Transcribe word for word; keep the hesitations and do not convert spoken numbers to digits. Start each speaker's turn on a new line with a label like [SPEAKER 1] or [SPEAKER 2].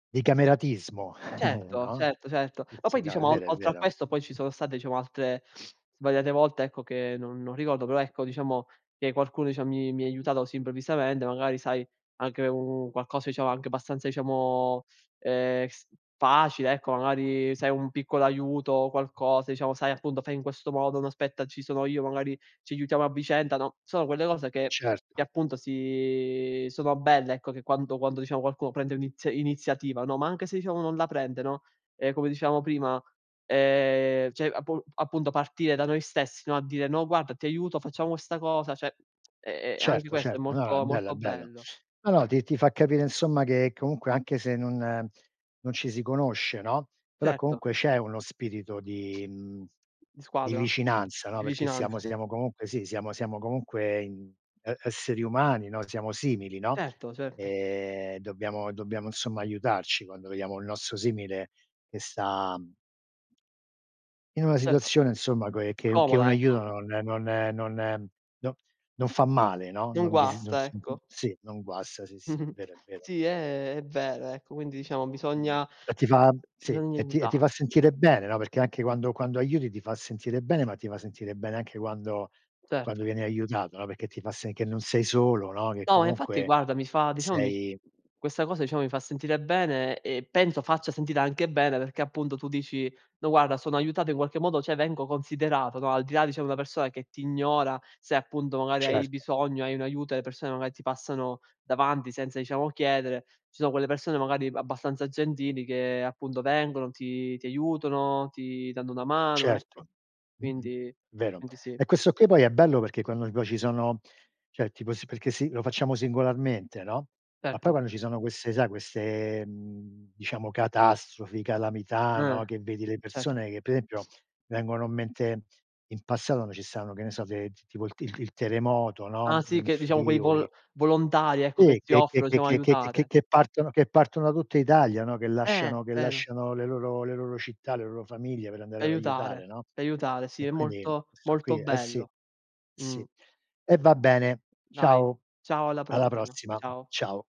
[SPEAKER 1] Di cameratismo,
[SPEAKER 2] cetto,
[SPEAKER 1] no,
[SPEAKER 2] certo, certo.
[SPEAKER 1] eh
[SPEAKER 2] Ma poi,
[SPEAKER 1] sì, no, è
[SPEAKER 2] diciamo, ol
[SPEAKER 1] vero, è
[SPEAKER 2] oltre a
[SPEAKER 1] vero.
[SPEAKER 2] questo, poi ci sono state, diciamo, altre svariate volte, ecco, che non non ricordo. Però, ecco, diciamo che qualcuno dicia mi mi ha aiutato così improvvisamente. Magari, sai, anche un qualcosa, diciamo, anche abbastanza, diciamo, ehm, s facile, ecco. Magari se hai un piccolo aiuto o qualcosa, diciamo, sai, appunto: “Fai in questo modo”. “No, aspetta, ci sono io, magari ci aiutiamo a vicenda”, no. Sono quelle cose che
[SPEAKER 1] Certo.
[SPEAKER 2] che, appunto, si sono belle, ecco, che quando quando, diciamo, qualcuno prende l'ini iniziativa, no, ma anche se, diciamo, non la prende, no, ehm, come dicevamo prima, ehm, cioè, appu appunto, partire da noi stessi, no, a dire: “No, guarda, ti aiuto, facciamo questa cosa”, ceh, e e anche
[SPEAKER 1] Certo,
[SPEAKER 2] questo è
[SPEAKER 1] certo, no, no, è
[SPEAKER 2] molto,
[SPEAKER 1] bello
[SPEAKER 2] molto
[SPEAKER 1] è bello.
[SPEAKER 2] bello.
[SPEAKER 1] No, no, ti ti fa capire insomma che comunque anche se non non ci si conosce, no, però
[SPEAKER 2] Certo.
[SPEAKER 1] comunque c'è uno spirito di, mhmm,
[SPEAKER 2] Di
[SPEAKER 1] di
[SPEAKER 2] squadra,
[SPEAKER 1] vicinanza, no,
[SPEAKER 2] di
[SPEAKER 1] perché siamo
[SPEAKER 2] vicinanza.
[SPEAKER 1] siamo comunque sì, siamo siamo comunque, ehm, e esseri umani, no, siamo simili, no,
[SPEAKER 2] Certo, certo.
[SPEAKER 1] ehm, dobbiamo dobbiamo insomma aiutarci quando vediamo il nostro simile che sta in una
[SPEAKER 2] [unintelligible]
[SPEAKER 1] situazione, insomma, che che che un
[SPEAKER 2] Comoda, ecco.
[SPEAKER 1] aiuto non non non no, non fa male, no, non
[SPEAKER 2] Non
[SPEAKER 1] non dis non
[SPEAKER 2] guasta,
[SPEAKER 1] s uhm,
[SPEAKER 2] ecco.
[SPEAKER 1] sì, non guasta. Sì, sì. È
[SPEAKER 2] Mh-mh.
[SPEAKER 1] vero è vero.
[SPEAKER 2] Sì, è, è vero ecco, quindi diciamo,
[SPEAKER 1] Mh-mh.
[SPEAKER 2] bisogna
[SPEAKER 1] E ti fa, sì,
[SPEAKER 2] bisogna
[SPEAKER 1] e ti, ti fa
[SPEAKER 2] aiutare.
[SPEAKER 1] sentire bene, no, perché anche quando quando aiuti ti fa sentire bene, ma ti fa sentire bene anche quando quando
[SPEAKER 2] Certo.
[SPEAKER 1] vieni aiutato, no, perché ti fa s, che non sei solo, no, che
[SPEAKER 2] No, infatti,
[SPEAKER 1] comunque
[SPEAKER 2] guarda, mi fa, diciamo, mi
[SPEAKER 1] sei
[SPEAKER 2] questa cosa, diciamo, mi fa sentire bene e penso faccia sentire anche bene perché, appunto, tu dici: “No, guarda, sono aiutato in qualche modo cioè vengo considerato”, no, al di là dicia di una persona che ti ignora, se, appunto, magari, hai
[SPEAKER 1] Certo.
[SPEAKER 2] bisogno, hai un aiuto e le persone, magari, ti passano davanti senza, diciamo, chiedere, ci sono quelle persone, magari, abbastanza gentili che, appunto, vengono, ti ti aiutano, ti danno una mano,
[SPEAKER 1] Certo,
[SPEAKER 2] ecco.
[SPEAKER 1] mh-mh.
[SPEAKER 2] Quindi,
[SPEAKER 1] Vero.
[SPEAKER 2] quindi sì.
[SPEAKER 1] E questo qui poi è bello perché quando poi ci sono cioè tipo sì, perché se i facciamo singolarmente, no, ma poi
[SPEAKER 2] Certo.
[SPEAKER 1] quando ci sono queste sai queste, mhmm, diciamo catastrofi, calamità, no,
[SPEAKER 2] Eh,
[SPEAKER 1] che vedi le
[SPEAKER 2] certo.
[SPEAKER 1] persone che pe esempio, vengono in mente in passato, no, ci stavano, che ne so, de tipo il il terremoto,
[SPEAKER 2] Ah,
[SPEAKER 1] no,
[SPEAKER 2] sì
[SPEAKER 1] in
[SPEAKER 2] che diciamo quei vol
[SPEAKER 1] Friuli.
[SPEAKER 2] volontari ecco che
[SPEAKER 1] Sì,
[SPEAKER 2] si
[SPEAKER 1] che che
[SPEAKER 2] offrono, diciamo
[SPEAKER 1] che che che
[SPEAKER 2] aiutare.
[SPEAKER 1] che partono che partono da tutta Italia, no, che
[SPEAKER 2] Eh,
[SPEAKER 1] lasciano che
[SPEAKER 2] vero.
[SPEAKER 1] lasciano le loro le loro città, le loro famiglie per
[SPEAKER 2] D'
[SPEAKER 1] andare ad aiutare,
[SPEAKER 2] aiutare,
[SPEAKER 1] no,
[SPEAKER 2] d'aiutare, sì,
[SPEAKER 1] e
[SPEAKER 2] è
[SPEAKER 1] quindi
[SPEAKER 2] molto,
[SPEAKER 1] sto qui,
[SPEAKER 2] molto
[SPEAKER 1] eh, sì,
[SPEAKER 2] bello, mh.
[SPEAKER 1] sì. E va bene.
[SPEAKER 2] Dai,
[SPEAKER 1] Ciao,
[SPEAKER 2] ciao, alla
[SPEAKER 1] alla
[SPEAKER 2] prossima,
[SPEAKER 1] prossima.
[SPEAKER 2] ciao.
[SPEAKER 1] Ciao.